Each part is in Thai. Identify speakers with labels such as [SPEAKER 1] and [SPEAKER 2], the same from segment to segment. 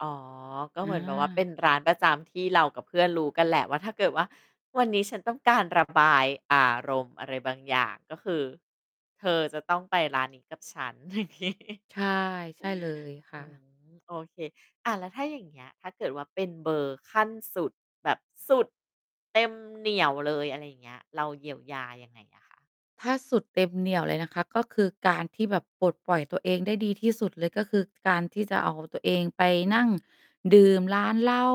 [SPEAKER 1] อ๋อ ก็
[SPEAKER 2] อ
[SPEAKER 1] เหมือนแบบว่าเป็
[SPEAKER 2] า
[SPEAKER 1] นร้านประจำที่เรากับเพื่อนรู้กันแหละว่า ถ้าเกิดว่า วันนี้ฉันต้องการระบาย อารมณ์อะไรบางอย่าง ก็คือเธอจะต้องไปร้าน นี้ กับฉัน อย่างงี้
[SPEAKER 2] ใช่ ใช่เลย ค
[SPEAKER 1] อ
[SPEAKER 2] ่
[SPEAKER 1] ืม
[SPEAKER 2] ะ
[SPEAKER 1] โอเค อะ แล้วถ้าอย่างเงี้ย ถ้าเกิดว่า เป็นเบอร์ขั้นสุดแบบสุด เต็มเหนี่ยวเลย อะไรอย่างเงี้ย เราเยียวยายังไงอะคะ?
[SPEAKER 2] ถ้าสุดเต็มเหนี่ยวเลยนะคะ ก็คือการที่แบบปลดปล่อยตัวเองได้ดีที่สุดเลย ก็คือการที่จะเอาตัวเองไป นั่ง ดื่มร้านเหล้า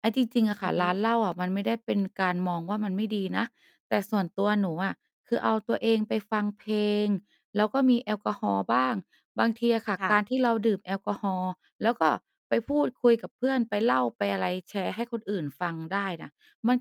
[SPEAKER 2] ไอ๊ จริง ๆ อะ
[SPEAKER 1] อ
[SPEAKER 2] ค
[SPEAKER 1] ื
[SPEAKER 2] ่
[SPEAKER 1] อ
[SPEAKER 2] ะ
[SPEAKER 1] ฮึ
[SPEAKER 2] ร้านเหล้าอะมันไม่ได้เป็นการมองว่า มันไม่ดีนะ แต่ส่วนตัวหนูอะคือเอาตัวเองไปฟังเพลง แล้วก็มีแอลกอฮอล์บ้าง บางทีอะค่ะ
[SPEAKER 1] ค่
[SPEAKER 2] กา
[SPEAKER 1] ะ
[SPEAKER 2] รที่เราดื่มแอลกอฮอล์ แล้วก็ไปพูดคุยกับเพื่อน ไปเล่าไปอะไร แชร์ให้คนอื่นฟังได้น่ะ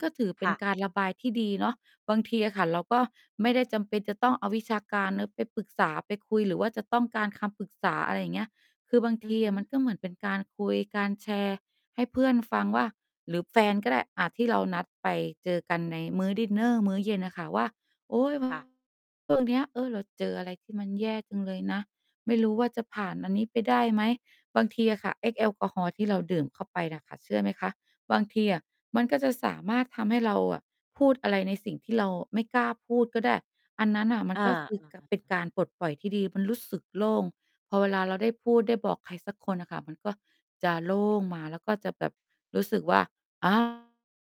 [SPEAKER 2] ก็ถือเป
[SPEAKER 1] ค
[SPEAKER 2] ็
[SPEAKER 1] ่
[SPEAKER 2] น
[SPEAKER 1] ะ
[SPEAKER 2] การระบายที่ดีเนาะ บางทีอะค่ะ เราก็ไม่ได้จำเป็นจะต้องเอาวิชาการ เนาะ ไปปรึกษา ไปคุย หรือว่าจะต้องการคำปรึกษา อะไรเงี้ย คือบาง
[SPEAKER 1] อ
[SPEAKER 2] ท
[SPEAKER 1] ือ
[SPEAKER 2] ี
[SPEAKER 1] ฮ
[SPEAKER 2] อ
[SPEAKER 1] ึ
[SPEAKER 2] ะมันก็เหมือนเป็นการคุย การแชร์ให้เพื่อนฟังว่า หรือแฟนก็ได้ อะ ที่เรานัดไปเจอกันในมื้อดินเนอร์ มื้อเย็นน่ะค่ะว่า "โอ๊ย แบ
[SPEAKER 1] ค
[SPEAKER 2] บ
[SPEAKER 1] ่ะ
[SPEAKER 2] ช่วง เนี้ย เออ เราเจออะไรที่มันแย่จังเลยนะ ไม่รู้ว่า จะผ่านอันนี้ไปได้ไหม" บางทีอะค่ะไอ้แอลกอฮอล์ที่เราดื่มเข้าไปน่ะค่ะ เชื่อไหมคะ? บางทีอะมันก็จะสามารถทำให้เราอะพูดอะไรในสิ่งที่เราไม่กล้าพูดก็ได้ อันนั้นน่ะ มั
[SPEAKER 1] อ
[SPEAKER 2] น
[SPEAKER 1] า
[SPEAKER 2] ก็คือ
[SPEAKER 1] อ
[SPEAKER 2] ก
[SPEAKER 1] า ๆ
[SPEAKER 2] เป็นการปลดปล่อยที่ดี มันรู้สึกโล่ง พอเวลาเราได้พูด ได้บอกใครสักคนน่ะค่ะ มันก็จะโล่งมา แล้วก็จะแบบรู้สึกว่า อา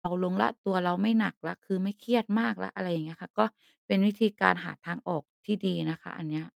[SPEAKER 2] เบาลงแล้ว ตัวเราไม่หนักแล้ว คือไม่เครียดมากแล้ว อะไรเงี้ยค่ะ ก็เป็นวิธีการหาทางออกที่ดีนะคะ อันเนี้ย